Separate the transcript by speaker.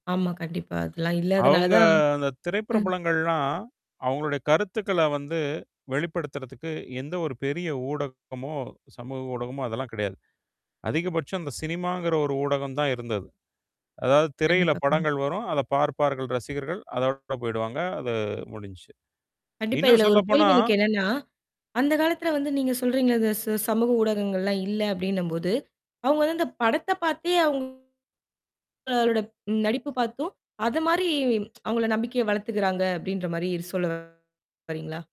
Speaker 1: ஆமா, கண்டிப்பா. அதெல்லாம்
Speaker 2: அவுங்க
Speaker 1: இல்லாதனாலதான்
Speaker 2: அந்தத்
Speaker 1: ம்.
Speaker 2: திரைப்பிரபலங்கள்லாம், அவங்களோட கருத்துக்கள வந்து வெளிப்படுத்துறதுக்கு எந்த ஒரு பெரிய ஊடகமோ, சமூக ஊடகமோ அதெல்லாம் கிடையாது. அதிகபட்சம் அந்தச் சினிமாங்கிற ஒரு ஊடகம் தான் இருந்தது. அதாவது திரையில
Speaker 1: கண்டிப்பா, கண்டிப்
Speaker 2: படங்கள் வரும். அதைப் பார்ப்பார்கள் ரசிகர்கள். அதோட போயிடுவாங்க. அது முடிஞ்சுச்சு.
Speaker 1: கண்டிப்பா
Speaker 2: இன்னும்
Speaker 1: இதுல ஒரு கேள்வி
Speaker 2: சொல்லப்போனா
Speaker 1: எனக்கு என்னன்னா, அந்த காலத்துல வந்து நீங்கச் சொல்றீங்கள்ல, "இந்த ச சமூக ஊடகங்கள்லாம் இல்லை." அப்படீன்னும் போது, அவுங்க வந்து "இந்தப் படத்தைப் பார்த்தே அவுங்க [unintelligible] நடிப்பு பார்த்தும், அத மாரி அவங்கள நம்பிக்கையை வளர்த்துக்குறாங்க." அப்படீன்ற மாரி சொல்ல வர்றீங்களா?